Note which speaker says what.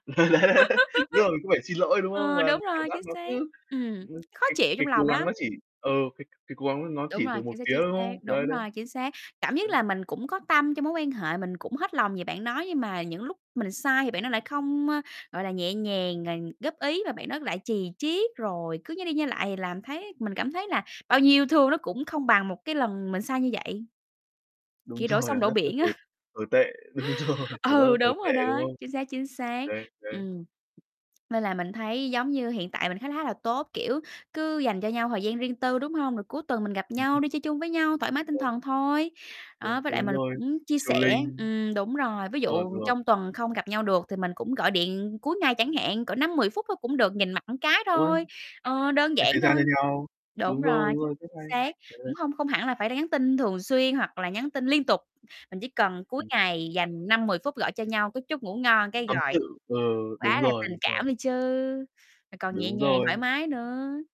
Speaker 1: Đấy, đấy, đúng không? Cũng phải xin lỗi, đúng không?
Speaker 2: Ờ,
Speaker 1: Và
Speaker 2: đúng
Speaker 1: cảm
Speaker 2: rồi,
Speaker 1: giác
Speaker 2: chính
Speaker 1: nó
Speaker 2: xác.
Speaker 1: cứ
Speaker 2: Ừm,
Speaker 1: ừm,
Speaker 2: khó
Speaker 1: cái
Speaker 2: chịu
Speaker 1: cái
Speaker 2: trong
Speaker 1: cố
Speaker 2: lòng
Speaker 1: gắng
Speaker 2: lắm.
Speaker 1: nó chỉ ờ, cái cái cố gắng nó
Speaker 2: Đúng
Speaker 1: chỉ
Speaker 2: rồi,
Speaker 1: từ một
Speaker 2: chính xác,
Speaker 1: phía,
Speaker 2: chính
Speaker 1: đúng
Speaker 2: xác.
Speaker 1: không? Đấy,
Speaker 2: Đúng
Speaker 1: đấy.
Speaker 2: rồi, chính xác, cảm giác
Speaker 1: Đấy.
Speaker 2: là mình cũng có tâm trong mối quan hệ, mình cũng hết lòng về bạn đó nhưng mà những lúc mình sai thì bạn đó lại không, ơ, gọi là, nhẹ nhàng rồi góp ý, mà bạn đó lại chì chiết rồi cứ nhai đi nhai lại thì làm thấy mình cảm thấy là bao nhiêu yêu thương nó cũng không bằng một cái lần mình sai như vậy.
Speaker 1: Đúng
Speaker 2: Kiểu đổ
Speaker 1: rồi,
Speaker 2: sông
Speaker 1: cảm
Speaker 2: đổ
Speaker 1: giác cứ
Speaker 2: biển á.
Speaker 1: tồi tồi tệ, đúng rồi, cảm giác rất
Speaker 2: Ừ,
Speaker 1: tồi
Speaker 2: đúng
Speaker 1: tệ,
Speaker 2: rồi
Speaker 1: đúng
Speaker 2: đó,
Speaker 1: không?
Speaker 2: chính xác, chính xác.
Speaker 1: Đấy, đấy.
Speaker 2: Ừm, nên là mình thấy giống như hiện tại mình khá khá là tốt, kiểu, cứ dành cho nhau thời gian riêng tư, đúng hông? Rồi cuối tuần mình gặp
Speaker 1: Ừm
Speaker 2: nhau
Speaker 1: hưm.
Speaker 2: đi chơi chung với nhau, thoải mái tinh
Speaker 1: Rồi.
Speaker 2: thần thôi. Đó,
Speaker 1: Đúng
Speaker 2: với lại
Speaker 1: đúng
Speaker 2: mình
Speaker 1: rồi,
Speaker 2: cũng chia sẻ
Speaker 1: chilling.
Speaker 2: ừm, đúng rồi. Ví
Speaker 1: Rồi,
Speaker 2: dụ
Speaker 1: rồi.
Speaker 2: trong tuần không gặp nhau được thì mình cũng gọi điện cuối ngày chẳng hạn, cỡ 5-10 phút thôi cũng được, nhìn mặt cái
Speaker 1: Đúng rồi.
Speaker 2: thôi, ờ, đơn
Speaker 1: Dành
Speaker 2: giản
Speaker 1: thời gian cho
Speaker 2: thôi.
Speaker 1: nhau.
Speaker 2: Đúng
Speaker 1: Đúng rồi,
Speaker 2: rồi,
Speaker 1: đúng rồi, rất
Speaker 2: chính
Speaker 1: hay.
Speaker 2: xác,
Speaker 1: Đấy, đấy.
Speaker 2: cũng hông không hẳn là phải nhắn tin thường xuyên hoặc là nhắn tin liên tục, mình chỉ cần cuối
Speaker 1: Ừm.
Speaker 2: ngày dành 5-10 phút gọi cho nhau cái chúc ngủ ngon, cái
Speaker 1: Tâm
Speaker 2: rồi
Speaker 1: sự, ừ,
Speaker 2: quá
Speaker 1: đúng
Speaker 2: là
Speaker 1: rồi,
Speaker 2: tình
Speaker 1: đúng rồi.
Speaker 2: cảm đi chứ, mà còn nhẹ
Speaker 1: Đúng
Speaker 2: nhàng,
Speaker 1: rồi.
Speaker 2: thoải mái nữa.